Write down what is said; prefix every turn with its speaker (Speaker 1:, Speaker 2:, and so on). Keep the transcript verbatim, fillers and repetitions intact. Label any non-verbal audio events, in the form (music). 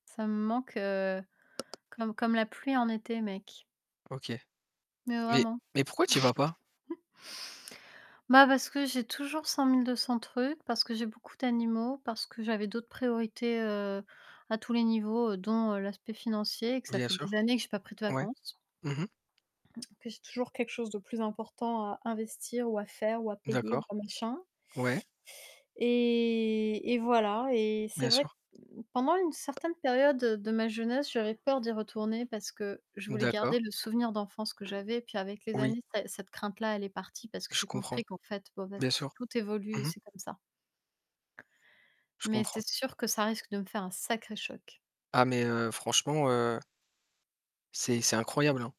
Speaker 1: Ça me manque, heu, comme comme la pluie en été, mec.
Speaker 2: OK.
Speaker 1: Mais
Speaker 2: Mais
Speaker 1: vraiment.
Speaker 2: mais pourquoi tu y vas pas?
Speaker 1: (chuckles) Bah, parce que j'ai toujours cent mille deux cents trucs, parce que j'ai beaucoup d'animaux, parce que j'avais d'autres priorités, heu, à tous les niveaux, heu, dont, heu, l'aspect financier, que ça
Speaker 2: Bien
Speaker 1: fait des
Speaker 2: sûr,
Speaker 1: années que j'ai pas pris de
Speaker 2: ouais.
Speaker 1: vacances
Speaker 2: Mmh mh.
Speaker 1: que j'ai toujours quelque chose de plus important à investir ou à faire ou à payer ou
Speaker 2: D'accord,
Speaker 1: bah machin
Speaker 2: ouais.
Speaker 1: et et voilà et c'est
Speaker 2: Bien sûr.
Speaker 1: vrai, pendant une certaine période de ma jeunesse, j'avais peur d'y retourner parce que je voulais
Speaker 2: D'accord.
Speaker 1: garder le souvenir d'enfance que j'avais. Puis avec les
Speaker 2: Oui.
Speaker 1: années, cet cette crainte-là, elle est partie parce que
Speaker 2: Je
Speaker 1: j'ai
Speaker 2: comprends,
Speaker 1: compris qu'en fait, (unintelligible)
Speaker 2: bien
Speaker 1: tout
Speaker 2: sûr.
Speaker 1: tout évolue et
Speaker 2: Mmh mh.
Speaker 1: c'est comme ça.
Speaker 2: Je
Speaker 1: Mais
Speaker 2: comprends.
Speaker 1: c'est sûr que ça risque de me faire un sacré choc.
Speaker 2: Ah mais heu, franchement, heu c'est c'est incroyable, hein.